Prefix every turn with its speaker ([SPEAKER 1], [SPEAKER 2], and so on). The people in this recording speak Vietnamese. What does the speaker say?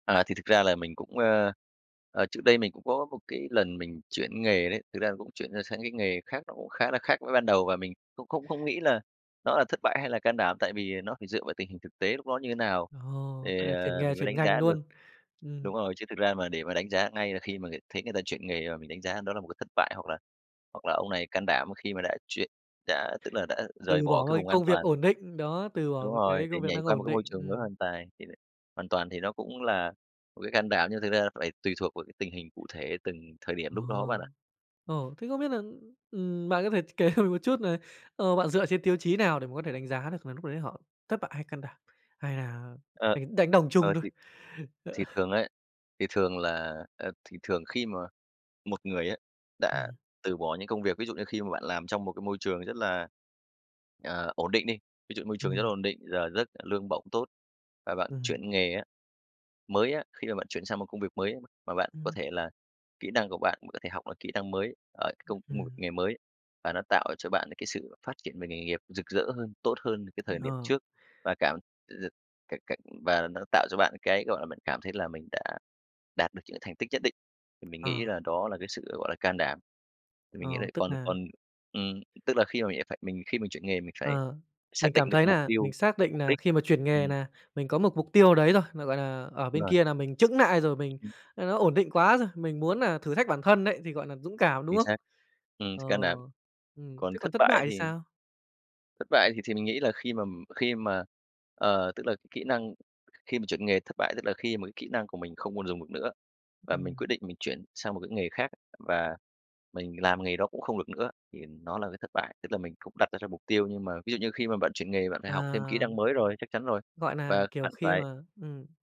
[SPEAKER 1] À, thì thực ra là mình cũng, ờ, ờ trước đây mình cũng có một cái lần mình chuyển nghề đấy. Thực ra là cũng chuyển ra sang cái nghề khác, nó cũng khá là khác với ban đầu, và mình cũng không không nghĩ là nó là thất bại hay là can đảm, tại vì nó phải dựa vào tình hình thực tế lúc đó như thế nào
[SPEAKER 2] Ồ,
[SPEAKER 1] thì,
[SPEAKER 2] vậy là chuyển
[SPEAKER 1] ờ,
[SPEAKER 2] nghề,
[SPEAKER 1] mình mới
[SPEAKER 2] chuyển
[SPEAKER 1] đánh
[SPEAKER 2] ngành
[SPEAKER 1] giá được.
[SPEAKER 2] luôn. Ừm.
[SPEAKER 1] Đúng rồi. Chứ thực ra mà để mà đánh giá ngay là khi mà người thấy người ta chuyển nghề mà mình đánh giá đó là một cái thất bại hoặc là hoặc là ông này can đảm khi mà đã chuyển đã tức là đã rời
[SPEAKER 2] Từ
[SPEAKER 1] bỏ
[SPEAKER 2] bỏ một
[SPEAKER 1] cái
[SPEAKER 2] cái
[SPEAKER 1] vùng an
[SPEAKER 2] công việc
[SPEAKER 1] toàn.
[SPEAKER 2] ổn định, đó, từ bỏ
[SPEAKER 1] Đúng
[SPEAKER 2] một
[SPEAKER 1] rồi,
[SPEAKER 2] cái
[SPEAKER 1] để
[SPEAKER 2] công việc
[SPEAKER 1] nhảy
[SPEAKER 2] đang
[SPEAKER 1] qua một
[SPEAKER 2] ổn
[SPEAKER 1] cái
[SPEAKER 2] định,
[SPEAKER 1] môi trường mới
[SPEAKER 2] ừm.
[SPEAKER 1] hoàn toàn thì đấy hoàn toàn thì nó cũng là một cái can đảm nhưng thực ra là phải tùy thuộc vào cái tình hình cụ thể từng thời điểm lúc đó bạn
[SPEAKER 2] Ồ.
[SPEAKER 1] ạ.
[SPEAKER 2] Ồ! Thế không biết nà, ừm, bạn có thể ch kể cho mình một chút nà, ờ, bạn dựa trên tiêu chí nào để mà có thể đánh giá được nà lúc đấy họ thất bại hay can đảm, hay là
[SPEAKER 1] Ờ,
[SPEAKER 2] đánh đánh đồng chung
[SPEAKER 1] ờ,
[SPEAKER 2] thôi?
[SPEAKER 1] thì thì thường ấy thì thường là ờ, thì thường khi mà một người á đã
[SPEAKER 2] Ừm.
[SPEAKER 1] từ bỏ những công việc ví dụ như khi mà bạn làm trong một cái môi trường rất là, ờ, ổn định đi, ví dụ môi trường rất là
[SPEAKER 2] Ừm.
[SPEAKER 1] ổn định, giờ giấc, lương bổng tốt và bạn
[SPEAKER 2] Ừm.
[SPEAKER 1] chuyển nghề á, mới á, khi mà bạn chuyển sang một công việc mới mà bạn có
[SPEAKER 2] Ừm.
[SPEAKER 1] thể là kỹ năng của bạn mà có thể học được kỹ năng mới ở công một
[SPEAKER 2] Ừm.
[SPEAKER 1] nghề mới, và nó tạo cho bạn những cái sự phát triển về nghề nghiệp rực rỡ hơn, tốt hơn cái thời điểm
[SPEAKER 2] Ờ.
[SPEAKER 1] trước, và cảm từ [unintelligible] c c và nó tạo cho bạn cái, gọi là, mình cảm thấy là mình đã đạt được những thành tích nhất định, thì mình
[SPEAKER 2] Ờ.
[SPEAKER 1] nghĩ là đó là cái sự gọi là can đảm. Thì
[SPEAKER 2] Ờ,
[SPEAKER 1] mình nghĩ là
[SPEAKER 2] tức
[SPEAKER 1] còn
[SPEAKER 2] nà
[SPEAKER 1] còn ừm, tức là khi mà mình đã phải mình khi mình chuyển nghề mình phải
[SPEAKER 2] Ờ,
[SPEAKER 1] xác
[SPEAKER 2] mình cảm
[SPEAKER 1] định được
[SPEAKER 2] thấy
[SPEAKER 1] mục
[SPEAKER 2] nà
[SPEAKER 1] tiêu,
[SPEAKER 2] mình xác định
[SPEAKER 1] mục
[SPEAKER 2] nà
[SPEAKER 1] đích.
[SPEAKER 2] khi mà chuyển nghề
[SPEAKER 1] Ừm.
[SPEAKER 2] nà mình có một mục tiêu đấy rồi, mà, gọi là, ở
[SPEAKER 1] Đúng
[SPEAKER 2] bên
[SPEAKER 1] rồi.
[SPEAKER 2] kia là mình chững nại rồi, mình là nó ổn định quá rồi, mình muốn nà thử thách bản thân đấy thì, gọi nà, dũng cảm, đúng
[SPEAKER 1] Chính
[SPEAKER 2] không?
[SPEAKER 1] xác, ừm,
[SPEAKER 2] Ờ,
[SPEAKER 1] sự can đảm.
[SPEAKER 2] ừm.
[SPEAKER 1] Còn
[SPEAKER 2] Thế còn
[SPEAKER 1] thất
[SPEAKER 2] thất
[SPEAKER 1] bại
[SPEAKER 2] bại thì
[SPEAKER 1] thì
[SPEAKER 2] sao?
[SPEAKER 1] Thất bại thì thì mình nghĩ là khi mà khi mà ờ, tức là kỹ năng khi mà chuyển nghề thất bại tức là khi mà cái kỹ năng của mình không còn dùng được nữa và mình
[SPEAKER 2] Ừm.
[SPEAKER 1] quyết định mình chuyển sang một cái nghề khác và mình làm nghề đó cũng không được nữa, thì nó là cái thất bại. Tức là mình cũng đặt ra cho mục tiêu nhưng mà ví dụ như khi mà bạn chuyển nghề bạn phải học thêm kỹ
[SPEAKER 2] À.
[SPEAKER 1] năng mới rồi, chắc chắn rồi,
[SPEAKER 2] Gọi nà,
[SPEAKER 1] và
[SPEAKER 2] kiểu,
[SPEAKER 1] bạn
[SPEAKER 2] khi
[SPEAKER 1] phải
[SPEAKER 2] mà ừm